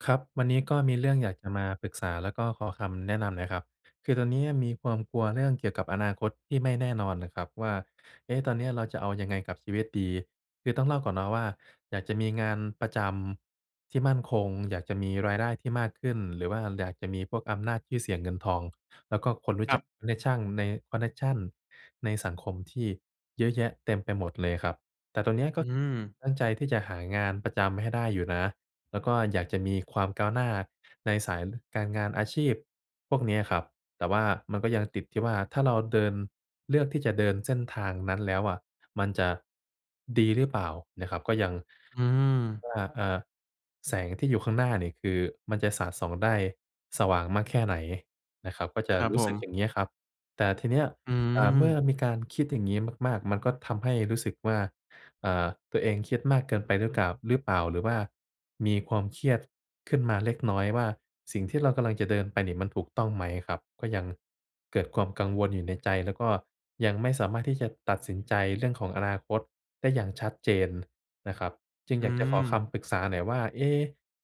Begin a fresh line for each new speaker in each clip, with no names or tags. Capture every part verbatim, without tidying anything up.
ครับ วันนี้ก็มีเรื่องอยากจะมาปรึกษา แล้วก็ขอคำแนะนำหน่อยครับ คือตอนเนี้ยมีความกลัวเรื่องเกี่ยวกับอนาคตที่ไม่แน่นอนน่ะครับว่า เอ๊ะ! ตอนเนี้ยเราจะเอายังไงกับชีวิตดี? คือต้องเล่าก่อนเนาะว่า อยากจะมีงานประจำที่มั่นคง อยากจะมีรายได้ที่มากขึ้น หรือว่า ล อยากจะมีพวกอำนาจ ชื่อเสียง เงินทอง แล้วก็คนรู้
คร
จ
ั
ัก
บ
เน็กชั่ง ใน คอนเน็กชันในสังคมที่เยอะแยะเต็มไปหมดเลยครับ แต่ตรงเนี้ยก็
อืม
ตั้งใจที่จะหางานประจำให้ได้อยู่นะ แล้วก็อยากจะมีความก้าวหน้าในสาย ล การงานอาชีพพวกเนี้ยครับ แต่ว่ามันก็ยังติดที่ว่า ถ้าเราเดิน เลือกที่จะเดินเส้นทางนั้นแล้วอะ มันจะดีหรือเปล่าน่ะครับ? ก็ยัง
อืม
ว่า อ่า แสงที่อยู่ข้างหน้าเนี่ย คือมันจะสาดส่องได้สว่างมากแค่ไหนนะครับ? ก็จ
ค
ะ
รับ
รู้
ผ
สึก
ม
อย่างเงี้ยครับ แต่ทีเนี้ย
อื
อ่า เมื่อ
ม
มีการคิดอย่างงี้มาก ๆ มันก็ทำให้รู้สึกว่า อ่า ตัวเองเครียดมากเกินไปหรือก่าว หรือเปล่า หรือว่ามีความเครียดขึ้นมาเล็กน้อยว่า สิ่งที่เรากำลังจะเดินไปเนี่ยมันถูกต้องไหมครับ? ก็ยังเกิดความกังวลอยู่ในใจ แล้วก็ยังไม่สามารถที่จะตัดสินใจเรื่องของอนาคตได้อย่างชัดเจนนะครับ จึง
อ
อ
ื
ยากจะขอค
ม
ำปรึกษาหน่อยว่า เอ๊!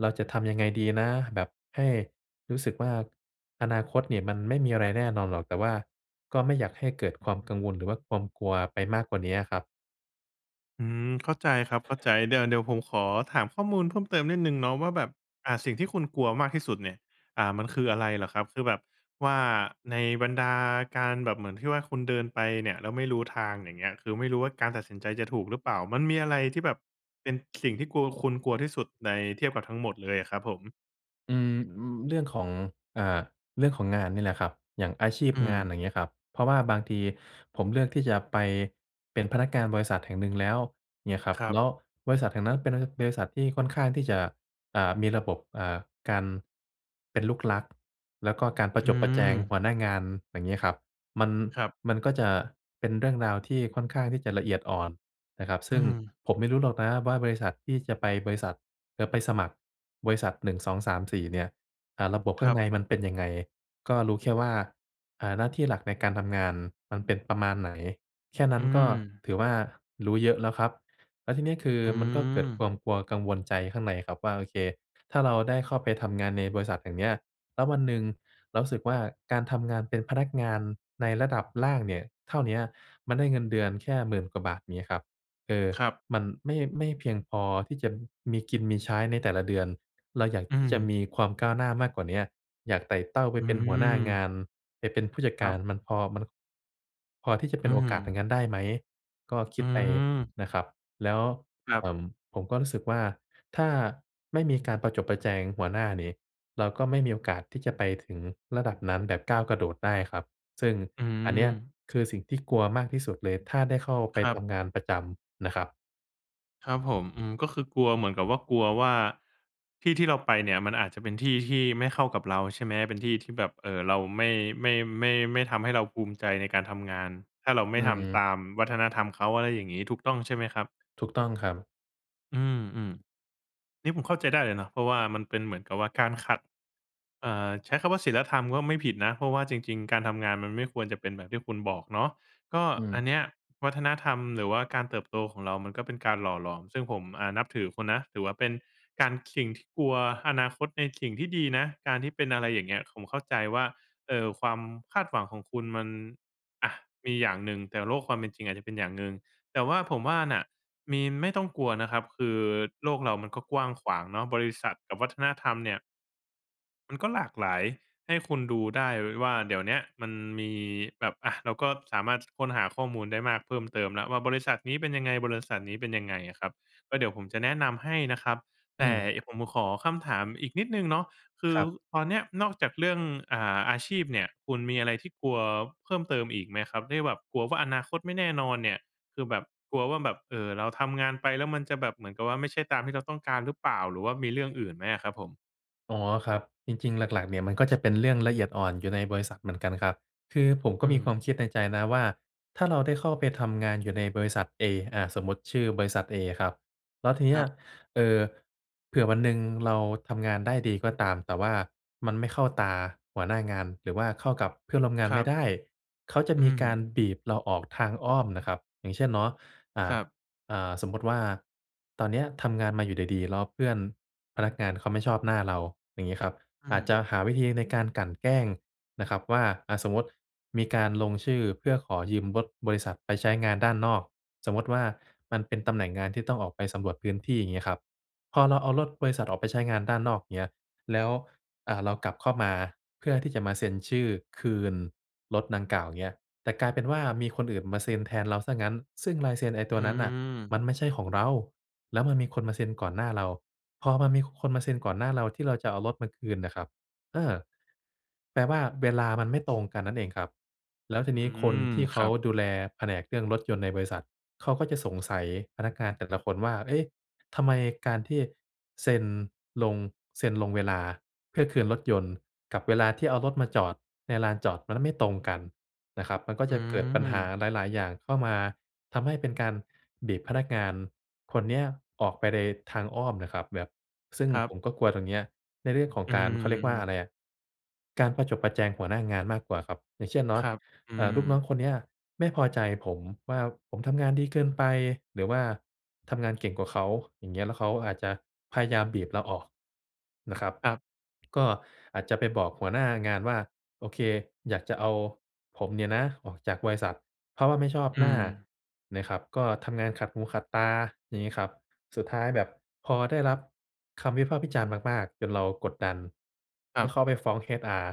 เราจะทำยังไงดีนะ? แบบให้รู้สึกว่า อนาคตนี่มันไม่มีอะไรแน่นอนหรอก แต่ว่าก็ไม่อยากให้เกิดความกังวล หรือว่าความกลัวไปมากกว่าเนี้ยครับ
อืม เข้าใจครับ เข้าใจ เดี๋ยว เดี๋ยวผมขอถามข้อมูลเพิ่มเติมนิดหนึ่งเนาะว่าแบบ อ่า สิ่งที่คุณกลัวมากที่สุดเนี่ย อ่า มันคืออะไรเหรอครับ? คือแบบ ว่า ในบรรดาการแบบเหมือนที่ว่าคุณเดินไปเนี่ยแล้วไม่รู้ทางอย่างเงี้ย คือไม่รู้ว่าการตัดสินใจจะถูกหรือเปล่า มันมีอะไรที่แบบ เป็นสิ่งที่กลัว คุณกลัวที่สุดใน เทียบกับทั้งหมดเลยอะครับผม?
อืม อือ เรื่องของ อ่า เรื่องของงานนี่แหละครับ อย่างอาชีพ
อื
งาน
ม
อย่างเงี้ยครับ เพราะว่าบางทีผมเลือกที่จะไป เป็นพนักงานบริษัทแห่งหนึ่งแล้วเงี้ยครับ
ครั
แล
บ
้ว บริษัทแห่งนั้นเป็นบริ บริษัทที่ค่อนข้างที่จะ อ่า มีระบบ อ่า การ เป็นลูกรัก แล้วก็การประ
อื
จบประแจงห
ม
ัวหน้างานอย่างงี้ครับ มัน
ครับ
มันก็จะ เป็นเรื่องราวที่ค่อนข้างที่จะละเอียดอ่อนนะครับ ซ
อ
ึ
ื
่ง
ม
ผมไม่รู้หรอกนะว่า บริษัทที่จะไปบริษัท เอ่อ ไปสมัคร บริษัท หนึ่งสองสามสี่ เนี่ย อ่า ระบบข
ค
้า
ร
ง
ับ
ในมันเป็นยังไง ก็รู้แค่ว่า อ่า หน้าที่หลักในการทำงานมันเป็นประมาณไหน แค่นั้
อื
นก็
ม
ถือว่า รู้เยอะแล้วครับ แล้วทีนี้คือ
อื
มันก็เกิดค
ม
วามกลัว กังวลใจข้างในครับว่า โอเค ถ้าเราได้เข้าไปทำงานในบริษัทอย่างเงี้ย แล้ววันหนึ่งเรารู้สึกว่า การทำงานเป็นพนักงานในระดับล่างเนี่ย เท่าเนี้ย มันได้เงินเดือนแค่ หมื่น กว่าบาทงี้ครับ เออ
ครับ
มันไม่ ไม่เพียงพอที่จะ มีกินมีใช้ในแต่ละเดือน เราอยาก
อื
ที่จะม
ม
ีความก้าวหน้ามากกว่าเนี้ย อยากไต่เต้าไป
อื
เป็นหัวหน้าง
ม
าน ไปเป็นผู้จัด
ค
ก
ร
า
ับ
ร มันพอ มัน พอที่จะเป
อ
็น
ื
โอกาสอย่า
ม
งงั้นได้ไหม ก็ค
อ
ิ
ื
ดไป
ม
นะครับ แล้ว
ครั
เอ
บ
่อ ผมก็รู้สึกว่าถ้า ไม่มีการประจบประแจงหัวหน้านี่ เราก็ไม่มีโอกาสที่จะไปถึงระดับนั้นแบบก้าวกระโดดได้ครับ ซึ่ง
อื
อันเนี้ย
ม
คือสิ่งที่กลัวมากที่สุดเลยถ้าได้เข้าไป
ครั
ท
บ
ำงานประจำนะครับ
ครับผม อืม ก็คือกลัวเหมือนกับว่า กลัวว่าที่ที่เราไปเนี่ย มันอาจจะเป็นที่ที่ไม่เข้ากับเราใช่ไหม? เป็นที่ที่แบบ เอ่อ เราไม่ ไม่ ไม่ ไม่ทำให้เราภูมิใจในการทำงาน ถ้าเราไ
อ
ม่
ื
ทำ
ม
ตามวัฒนธรรมเขา อะไรอย่างงี้ ถูกต้องใช่ไหมครับ?
ถูกต้องครับ
อืม ๆ นี่ผมเข้าใจได้เลยเนาะ เพราะว่ามันเป็นเหมือนกับว่า การขัด เอ่อ ใช้คำว่าศีลธรรมก็ไม่ผิดนะ เพราะว่าจริง ๆ การทำงาน มันไม่ควรจะเป็นแบบที่คุณบอกเนาะ ก็
อื
อัน
ม
เนี้ยวัฒนธรรม หรือว่าการเติบโตของเรา มันก็เป็นการหล่อหลอม ซึ่งผม อ่า นับถือคุณนะ ถือว่าเป็น การ สิ่งที่กลัวอนาคตในสิ่งที่ดีนะ การที่เป็นอะไรอย่างเงี้ย ผมเข้าใจว่า เอ่อ ความคาดหวังของคุณมัน อะ มีอย่างหนึ่ง แต่โลกความเป็นจริงอาจจะเป็นอย่างหนึ่ง แต่ว่าผมว่าน่ะ มี ไม่ต้องกลัวนะครับ คือโลกเรามันก็กว้างขวางเนาะ บริษัทกับวัฒนธรรมเนี่ย มันก็หลากหลาย ให้คุณดูได้ไว้ว่า เดี๋ยวเนี้ยมันมีแบบ อะ เราก็สามารถ ส ค้นหาข้อมูลได้มากเพิ่มเติมแล้วว่า บริษัทนี้เป็นยังไง บริษัทนี้เป็นยังไงอะครับ ก็เดี๋ยวผมจะแนะนำให้นะครับ
อ
แต
ื
่
ม
ไอ้ ผมขอคำถามอีกนิดหนึ่งเนาะ คื
ค
อ
รับ
ตอนเนี้ยนอกจากเรื่อง อ่า อาชีพเนี่ย คุณมีอะไรที่กลัวเพิ่มเติมอีกไหมครับ? ที่แบบกลัวว่า อนาคตไม่แน่นอนเนี่ย คือแบบกลัวว่าแบบ เอ่อ เราทำงานไป แล้วมันจะแบบเหมือนกับว่า ไม่ใช่ตามที่เราต้องการหรือเปล่า? หรือว่ามีเรื่องอื่นไหมอะครับผม?
อ๋อ ครับ จริง ๆ หลัก ๆ เนี่ยมันก็จะเป็นเรื่องละเอียดอ่อนอยู่ในบริษัทเหมือนกันครับ คือผม
อ
ก็
ื
มีควา
ม
มคิดในใจนะว่า ถ้าเราได้เข้าไปทำงานอยู่ในบริษัทเอ อ่า สมมุติชื่อบริษัทเอครับ แล้วทีเน
ค
ี
ร
้ย
ับ
เอ่อ เผื่อวันหนึ่งเราทำงานได้ดีก็ตาม แต่ว่ามันไม่เข้าตาหัวหน้างาน หรือว่าเข้ากับเพื่อนร่วมงาน
คร
ไม
ั
่
บ
ได้ เขาจะ
อื
มีกา
ม
รบีบเราออกทางอ้อมนะครับ อย่างเช่นเนาะ อ่า
ครับ
อ่า สมมุติว่าตอนเนี้ยทำงานมาอยู่ดี ๆ แล้วเพื่อนพนักงานเขาไม่ชอบหน้าเรา อย่างงี้ครับ
อื
อาจจ
ม
ะหาวิธีในการกลั่นแกล้งนะครับว่า อ่า สมมติ มีการลงชื่อเพื่อขอยืมรถบริษัทไปใช้งานด้านนอก สมมุติว่า มันเป็นตำแหน่งงานที่ต้องออกไปสำรวจพื้นที่ อย่างงี้ครับ พอเราเอารถบริษัทออกไปใช้งานด้านนอก เงี้ย แล้ว อ่า เรากลับเข้ามาเพื่อที่จะมาเซ็นชื่อคืนรถดังกล่าว เงี้ย แต่กลายเป็นว่ามีคนอื่นมาเซ็นแทนเราเสียงั้น ซึ่งลายเซ็นไอ้ต
อื
ัวนั้นน่ะม
ม
ันไม่ใช่ของเรา แล้วมันมีคนมาเซ็นก่อนหน้าเรา พอมันมี ค คนมาเซ็นก่อนหน้าเรา ที่เราจะเอารถมาคืนน่ะครับ เออ แปลว่าเวลามันไม่ตรงกันนั่นเองครับ แล้วที
อื
นี้คน
ม
ที่เข
คร
า
ับ
ดูแลแผนกเรื่องรถยนต์ในบริษัท เขาก็จะสงสัยพนักงานแต่ละคนว่า เอ๊ะ! ทำไมการที่เซ็นลง เซ็นลงเวลาเพื่อคืนรถยนต์กับเวลาที่เอารถมาจอดในลานจอดรถ มันไม่ตรงกันนะครับ มันก็
อื
จะเกิดปัญหา
ม
หลาย ๆ อย่างเข้ามา ทำให้เป็นการบีบพนักงานคนเนี้ยออกไปเลยทางอ้อมน่ะครับ แบบ ซึ่ง
ครั
ผ
บ
มก็กลัวตรงเนี้ย ในเรื่องของ
อื
การ เข
ม
าเร
อ
ียกว
ื
่าอะไร
อ
อะ การประจบประแจงหัวหน้างานมากกว่าครับ อย่างเช่นเนา
ค
ะ
รับ อื
เอ่อ ลูกน้อง
ม
คนเนี้ยไม่พอใจผมว่าผมทำงานดีเกินไปหรือว่าทำงานเก่งกว่าเขา อย่างเงี้ย แล้วเขาก็อาจจะพยายามบีบเราออกนะครับ
ครับ
ก็อาจจะไปบอกหัวหน้างานว่า โอเค อยากจะเอาผมเนี่ยนะออกจากบริษัท เพราะว่าไม่ชอบ
อ
ห
ื
น้า
ม
นะครับ ก็ทำงานขัดหูขัดตา อย่างงี้ครับ สุดท้ายแบบ พอได้รับคำวิพากษ์วิจารณ์มาก ๆ จนเรากดดัน
คร
แล
ั
้ว
บ
เขาไปฟ้อง HR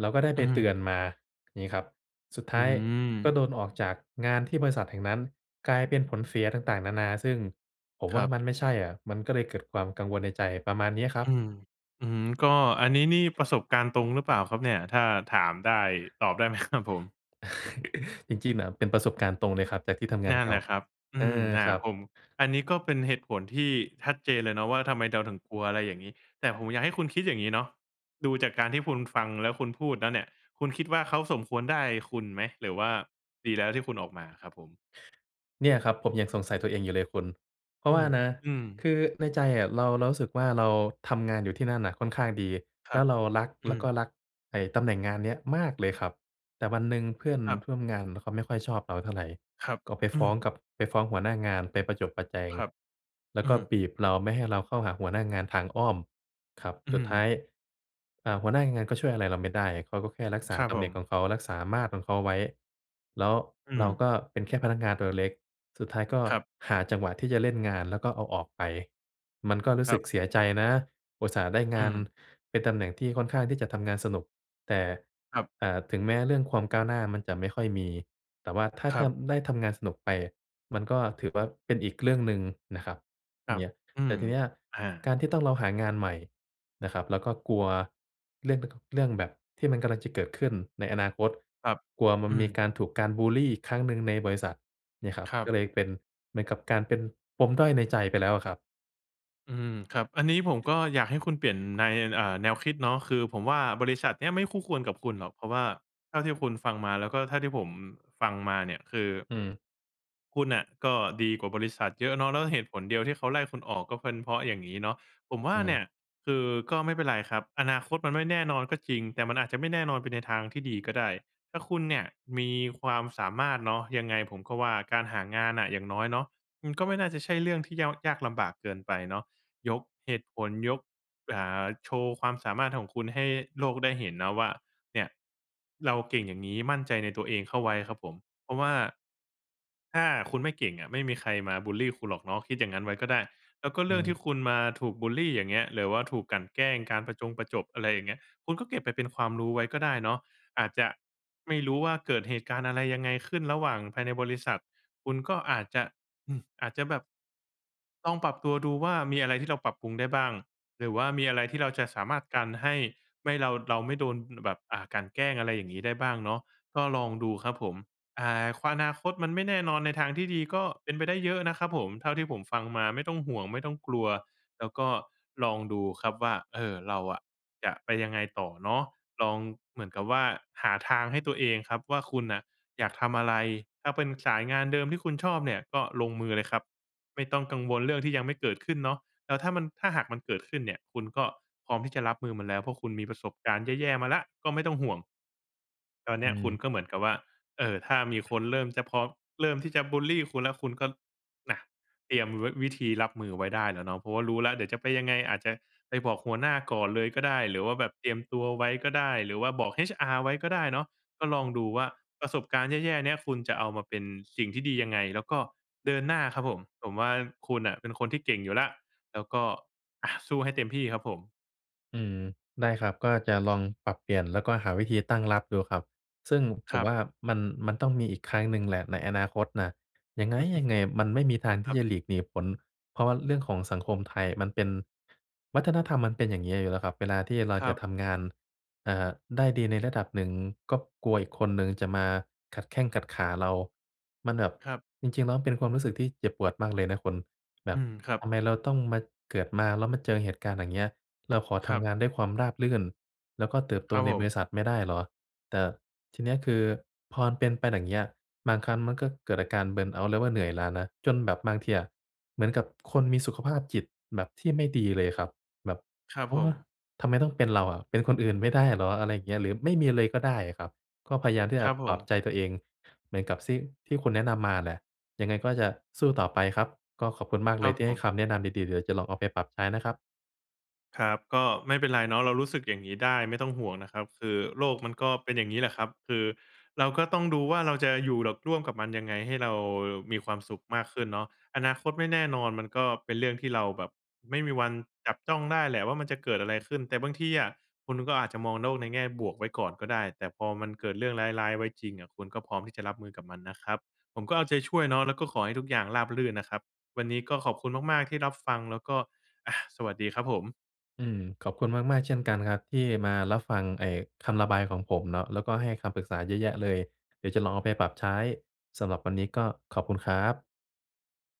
เราก็ได้
อื
ใบเตือ
อ
นมา งี้ครับ สุดท
อื
้ายก็
ม
โดนออกจากงานที่บริษัทแห่งนั้น กลายเป็นผลเสียต่าง ๆ นานา ซึ่งผม
ค
ว
ร
่
ั
า
บ
มันไม่ใช่อะ มันก็เลยเกิดความกังวลในใจ ประมาณเนี้ยครั
อื
บ
ม อือฮึ ก็อันนี้นี่ประสบการณ์ตรงหรือเปล่าครับเนี่ย ถ้าถามได้ ตอบได้ไหม ครับ ผม?
จริง ๆ น่ะ เป็นประสบการณ์ตรงเลยครับจากที่ทำงา
น
น
ั่
เ
น
ก่
แห
า
ละครับ อื
อา
ม อา
ครั
ผ
บ
ม อันนี้ก็เป็นเหตุผลที่ชัดเจนเลยเนาะว่า ทำไมเดาถึงกลัว อะไรอย่างงี้ แต่ผมอยากให้คุณคิดอย่างงี้เนาะ ดูจากการที่คุณฟังแล้วคุณพูดแล้วเนี่ย คุณคิดว่า เขาสมควรได้คุณไหม หรือว่าดีแล้วที่คุณออกมาครับผม?
เนี่ยครับ ผมยังสงสัยตัวเองอยู่เลยคุณ เพรา
อื
ะว่า
ม
นะ
อืม
คือในใจอะเรา เรารู้สึกว่า เราทำงานอยู่ที่นั่นน่ะค่อนข้างดี
ค
แ
ร
ล
ั
้
บ
วเรารัก
อ
แล
ื
้วก็
ม
รักไอ้ตำแหน่งงานเนี้ยมากเลยครับ แต่วันหนึ่งเพื่อน
ครับ
ท่วมงานน่ะเขาไม่ค่อยชอบเราเท่าไร
ครับ
ก็ไป
อ
ฟ
ื
้อง
ม
กับ ไปฟ้องหัวหน้างาน ไปประจบประแจง
ครับ
แล้ว
อ
ก
ื
็
ม
บีบเราไม่ให้เราเข้าหาหัวหน้างานทางอ้อมครับ
อื
สุดท้า
ม
ย อ่า หัวหน้างานก็ช่วยอะไรเราไม่ได้ เขาก็แค่รักษา
ครับ
ตำ
ผ
แหน่ง
ม
ของเขา รักษามาดของเขาไว้ แล้ว
อื
เราก
ม
็เป็นแค่พนักงานตัวเล็ก ๆ สุดท้ายก็
ครับ
หาจังหวะที่จะเล่นงาน แล้วก็เอาออกไป มันก็รู้
ค
ส
ร
ึ
ั
ก
บ
เสียใจนะ อุตส่าห์ได้ง
อื
าน
ม
เป็นตำแหน่งที่ค่อนข้างที่จะทำงานสนุก แต่
ครับ
อ่า ถึงแม้เรื่องความก้าวหน้ามันจะไม่ค่อยมี แต่ว่าถ้า
คร
ท
ับ
ำ ได้ทำงานสนุกไป มันก็ถือว่าเป็นอีกเรื่องหนึ่งนะครับ
ครั
เ
บ
งี้ย
อื
แต่
ม
ทีเนี้ย
อ
ก
า
ารที่ต้อง เราหางานใหม่นะครับ แล้วก็กลัวเรื่องเป็นทุก เรื่องแบบที่มันกำลังจะเกิดขึ้นในอนาคต
ครับ
กลัวมัน
อื
มี
ม
การถูกการบุลลีอีกครั้งหนึ่งในบริษัทเนี่ยครับ
ครั
ก็
บ
เลยเป็นเหมือนกับการเป็นปมด้อยในใจไปแล้วอะครับ
อืม ครับ อันนี้ผมก็อยากให้คุณเปลี่ยนใน อ่า แนวคิดเนาะ คือผมว่า บริษัทเนี้ยไม่คู่ควรกับคุณหรอก เพราะว่าเท่าที่คุณฟังมา แล้วก็เท่าที่ผมฟังมาเนี่ย คือ
อือ
คุณน่ะก็ดีกว่าบริษัทเยอะเนาะ แล้วเหตุผลเดียวที่เขาไล่คุณออก ก็เป็นเพราะอย่างงี้เนาะ ผมว่
อ
า
ื
เ
อ
นี่ย คือ ก็ไม่เป็นไรครับ อนาคตมันไม่แน่นอนก็จริง แต่มันอาจจะไม่แน่นอนไปในทางที่ดีก็ได้ ถ้าคุณเนี่ยมีความสามารถเนาะ ยังไงผมก็ว่า การหางานน่ะอย่างน้อยเนาะ มันก็ไม่น่าจะใช่เรื่องที่เย้า ยากลำบากเกินไปเนาะ ยกเหตุผล ยก อ่า โชว์ความสามารถของคุณให้โลกได้เห็นเนาะว่า เนี่ยเราเก่งอย่างงี้ มั่นใจในตัวเองเข้าไว้ครับผม เพราะว่าถ้าคุณไม่เก่งอะ ไม่มีใครมาบุลลีคุณหรอกเนาะ คิดอย่างงั้นไว้ก็ได้ แล้วก็
อ
เ
ื
รื่องท
อ
ี่คุณมาถูกบุลลี อย่างเงี้ย หรือว่าถูกกลั่นแกล้ง การประจงประจบ อะไรอย่างเงี้ย คุณก็เก็บไปเป็นความรู้ไว้ก็ได้เนาะ อาจจะไม่รู้ว่าเกิดเหตุการณ์อะไรยังไงขึ้นระหว่างภายในบริษัท คุณก็อาจจะ อือ อาจจะแบบลองปรับตัวดูว่า มีอะไรที่เราปรับปรุงได้บ้าง หรือว่ามีอะไรที่เราจะสามารถกันให้ไม่ เรา เราไม่โดนแบบ อ่า กลั่นแกล้ง อะไรอย่างงี้ ได้บ้างเนาะ ก็ลองดูครับผม อ่า ควา นาคต มันไม่แน่นอน ในทางที่ดีก็เป็นไปได้เยอะนะครับผม เท่าที่ผมฟังมาไม่ต้องห่วง ไม่ต้องกลัว แล้วก็ลองดูครับว่า เอ่อ เราอะจะไปยังไงต่อเนาะ ลองเหมือนกับว่าหาทางให้ตัวเองครับว่า คุณน่ะอยากทำอะไร? ถ้าเป็นสายงานเดิมที่คุณชอบเนี่ยก็ลงมือเลยครับ ไม่ต้องกังวลเรื่องที่ยังไม่เกิดขึ้นเนาะ แล้วถ้ามัน ถ้าหากมันเกิดขึ้นเนี่ย คุณก็พร้อมที่จะรับมือมันแล้ว เพราะคุณมีประสบการณ์แย่ ๆ มาแล้ว ก็ไม่ต้องห่วง ตอนเน
อ
ี้ยคุ
ือ
ณก็เหมือนกับว่า เอ่อ ถ้ามีคนเริ่มจะพร้อม เริ่มที่จะบุลลีคุณแล้ว คุณก็ ล น่ะ เตรียมวิ วิธีรับมือไว้ได้แล้วเนาะ เพราะว่ารู้แล้วเดี๋ยวจะไปยังไง อาจจะไปบอกหัวหน้าก่อนเลยก็ได้ หรือว่าแบบเตรียมตัวไว้ก็ได้ หรือว่าบอก HR ไว้ก็ได้เนาะ ก็ลองดูว่าประสบการณ์แย่ ๆ เนี้ย คุณจะเอามาเป็นสิ่งที่ดียังไง? แล้วก็เดินหน้าครับผม ผมว่าคุณน่ะเป็นคนที่เก่งอยู่แล้ว แล้วก็ อะ สู้ให้เต็มที่ครับผม
อืม ได้ครับ ก็จะลองปรับเปลี่ยนแล้วก็หาวิธีตั้งรับดูครับ ซึ่งผ
คร
ม
ั
ว
บ
่า มัน มันต้องมีอีกครั้งหนึ่งแหละในอนาคตน่ะ ยังไง๊ยังไงมันไม่มีทางท
ค
ี
รั
่จ
บ
ะหลีกหนีผล เพราะว่าเรื่องของสังคมไทยมันเป็น วัฒนธรรมมันเป็นอย่างงี้อยู่แล้วครับ เวลาที่เรา
คร
จ
ั
ะ
บ
ทำงาน อ่า ได้ดีในระดับหนึ่ง ก็กลัวอีกคนหนึ่งจะมาขัดแข้งขัดขาเรา มันแบบ
ครับ
จริง ๆ แล้วเป็นความรู้สึกที่เจ็บปวดมากเลยนะคุณ แบ
อื
บ
ม ครั
ท
บ
ำไมเราต้องมา เกิดมาแล้วมาเจอเหตุการณ์อะไรอย่างเงี้ย เราขอท
ครับ
ำงานด้วยความราบรื่น แล้วก็เติบโต
ครับ
ใน
ผ
บริ
ม
ษัทไม่ได้เหรอ แต่ทีเนี้ย คือพอเป็นไปอย่างเงี้ย บางครั้งมันก็เกิดอาการ เบิร์นเอาต์ หรือว่าเหนื่อยล้านะ จนแบบบางทีอะ เหมือนกับคนมีสุขภาพจิตแบบที่ไม่ดีเลยครับ แบบ
ครับ
เอ
ผ
อ
ม
ทำไมต้องเป็นเราอะ เป็นคนอื่นไม่ได้เหรอ อะไรอย่างเงี้ย หรือไม่มีเลยก็ได้อะครับ ก็พยายามที่
ค
แบ
รั
บ
บผ
ปลอบ
ม
ใจตัวเองเหมือนกับซี่ ที่คุณแนะนำมาแหละ ยังไงก็จะสู้ต่อไปครับ ก็ขอบคุณมาก
ค
เล
รั
ย
บ
ที่
ผ
ให้
ม
คำแนะนำดี ๆ เดี๋ยวจะลองเอาไปปรับใช้นะครับ
ครับ ก็ไม่เป็นไรเนาะ เรารู้สึกอย่างงี้ได้ ไม่ต้องห่วงนะครับ คือโลกมันก็เป็นอย่างนี้แหละครับ คือเราก็ต้องดูว่า เราจะอยู่ ร ร่วมกับมันยังไงให้เรามีความสุขมากขึ้นเนาะ อนาคตไม่แน่นอน มันก็เป็นเรื่องที่เราแบบไม่มีวันจับจ้องได้แหละว่า มันจะเกิดอะไรขึ้น แต่บางทีอะ คุณก็อาจจะมองโลกในแง่บวกไว้ก่อนก็ได้ แต่พอมันเกิดเรื่องร้าย ๆ ไว้จริงอะ คุณก็พร้อมที่จะรับมือกับมันนะครับ ผมก็เอาใจช่วยเนาะ แล้วก็ขอให้ทุกอย่างราบรื่นนะครับ วันนี้ก็ขอบคุณมาก ๆ ที่รับฟัง แล้วก็ อะ สวัสดีครับผม
อืม ขอบคุณมาก ๆ เช่นกันครับ ที่มารับฟังไอ้คำระบายของผมเนาะ แล้วก็ให้คำปรึกษาเยอะแยะเลย เดี๋ยวจะลองเอาไปปรับใช้ สำหรับวันนี้ก็ขอบคุณครับ